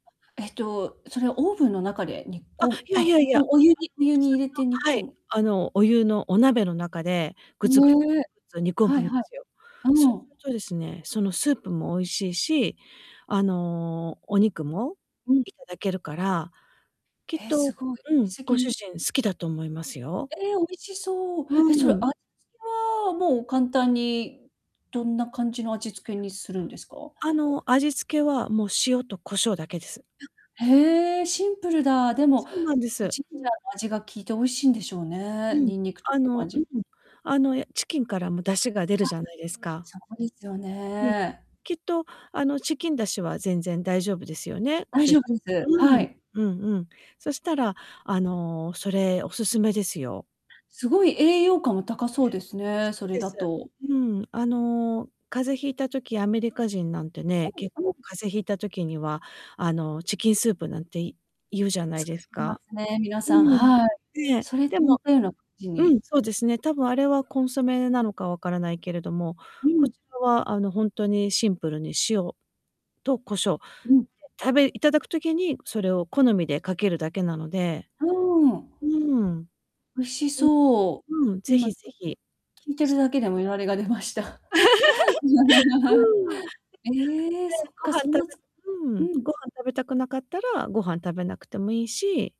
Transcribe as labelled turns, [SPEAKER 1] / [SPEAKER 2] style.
[SPEAKER 1] えっと、それはオーブンの中で煮
[SPEAKER 2] あ、
[SPEAKER 1] 込ん
[SPEAKER 2] いやい
[SPEAKER 1] あ、
[SPEAKER 2] やいや。あの、
[SPEAKER 1] おお湯にお湯
[SPEAKER 2] 普通
[SPEAKER 1] に入れて煮
[SPEAKER 2] の。は
[SPEAKER 1] 込
[SPEAKER 2] い、
[SPEAKER 1] む。
[SPEAKER 2] あのお湯のお鍋の中で、ぐつぐつぐ
[SPEAKER 1] ね、
[SPEAKER 2] つぐつ煮込
[SPEAKER 1] はい
[SPEAKER 2] むんで
[SPEAKER 1] はい。
[SPEAKER 2] すよ。そう
[SPEAKER 1] う
[SPEAKER 2] する
[SPEAKER 1] ん。
[SPEAKER 2] とですね、そのスープも美味しいし、あの、お肉も
[SPEAKER 1] うん。
[SPEAKER 2] 頂けるから、きっ
[SPEAKER 1] え、
[SPEAKER 2] と、
[SPEAKER 1] すごい。
[SPEAKER 2] うん、
[SPEAKER 1] 先
[SPEAKER 2] ご主
[SPEAKER 1] に。
[SPEAKER 2] 人好きだと思いますよ。
[SPEAKER 1] ええ、美味しそう。
[SPEAKER 2] う
[SPEAKER 1] え、それ
[SPEAKER 2] ん。
[SPEAKER 1] 味付けはもう簡単にどんな感じの味付けにするんですか？
[SPEAKER 2] あの、味付けはもう塩と胡椒だけです。
[SPEAKER 1] あ、へえ、シンプルだ。でも、
[SPEAKER 2] そうなんです。
[SPEAKER 1] ジンジャーの味が効いて美味しいんでしょう
[SPEAKER 2] う
[SPEAKER 1] ね。
[SPEAKER 2] ん、
[SPEAKER 1] ニンニクとか
[SPEAKER 2] あ
[SPEAKER 1] の
[SPEAKER 2] のうん、
[SPEAKER 1] 味。
[SPEAKER 2] あのチキンからも出汁が出る
[SPEAKER 1] あ、
[SPEAKER 2] じゃないですか。
[SPEAKER 1] そうですよ
[SPEAKER 2] うん、
[SPEAKER 1] ね。
[SPEAKER 2] きっと、あのチキン出汁は全然大丈夫ですよね、ご
[SPEAKER 1] 大
[SPEAKER 2] 主
[SPEAKER 1] 丈
[SPEAKER 2] 人。
[SPEAKER 1] 夫です、
[SPEAKER 2] う
[SPEAKER 1] は
[SPEAKER 2] ん、
[SPEAKER 1] い。
[SPEAKER 2] うんうん。そしたら、あの、それ、お勧めですよ。
[SPEAKER 1] すごい栄養価も高そうですね、
[SPEAKER 2] そ
[SPEAKER 1] そ
[SPEAKER 2] う
[SPEAKER 1] れ
[SPEAKER 2] で
[SPEAKER 1] だ
[SPEAKER 2] す。
[SPEAKER 1] と。
[SPEAKER 2] うん、あの、風邪引いた時、アメリカ人なんてね、結
[SPEAKER 1] うんう
[SPEAKER 2] 構
[SPEAKER 1] ん。
[SPEAKER 2] 風邪ひいた時には、あのチキンスープなんて言うじゃない
[SPEAKER 1] 作
[SPEAKER 2] です
[SPEAKER 1] ってま
[SPEAKER 2] か。
[SPEAKER 1] すね、皆
[SPEAKER 2] う
[SPEAKER 1] さん、
[SPEAKER 2] ん、
[SPEAKER 1] はい。
[SPEAKER 2] ええ、
[SPEAKER 1] それと
[SPEAKER 2] でも
[SPEAKER 1] 似たような感じ
[SPEAKER 2] う
[SPEAKER 1] に
[SPEAKER 2] ん、そうですね、たぶんあれはコンソメなのか分からないけれども、
[SPEAKER 1] う
[SPEAKER 2] こ
[SPEAKER 1] ん。
[SPEAKER 2] ちらはあの、ほんとにシンプルに塩と胡椒、で、
[SPEAKER 1] うん。
[SPEAKER 2] 食べ頂く時にそれを好みでかけるだけなので、
[SPEAKER 1] うーん。
[SPEAKER 2] うーん。
[SPEAKER 1] 美味し
[SPEAKER 2] う
[SPEAKER 1] そう。
[SPEAKER 2] ん。うん、是
[SPEAKER 1] 今
[SPEAKER 2] 非是
[SPEAKER 1] き
[SPEAKER 2] 非。
[SPEAKER 1] 聞いてるだけでもいられが出ました。
[SPEAKER 2] うん。で、
[SPEAKER 1] ええ、そっ
[SPEAKER 2] ご
[SPEAKER 1] か、
[SPEAKER 2] 飯
[SPEAKER 1] そ
[SPEAKER 2] 食
[SPEAKER 1] ん
[SPEAKER 2] べ
[SPEAKER 1] なつく
[SPEAKER 2] う
[SPEAKER 1] う
[SPEAKER 2] ん、
[SPEAKER 1] ん。
[SPEAKER 2] ご飯食べたくなかったらご飯食べなくても良いし。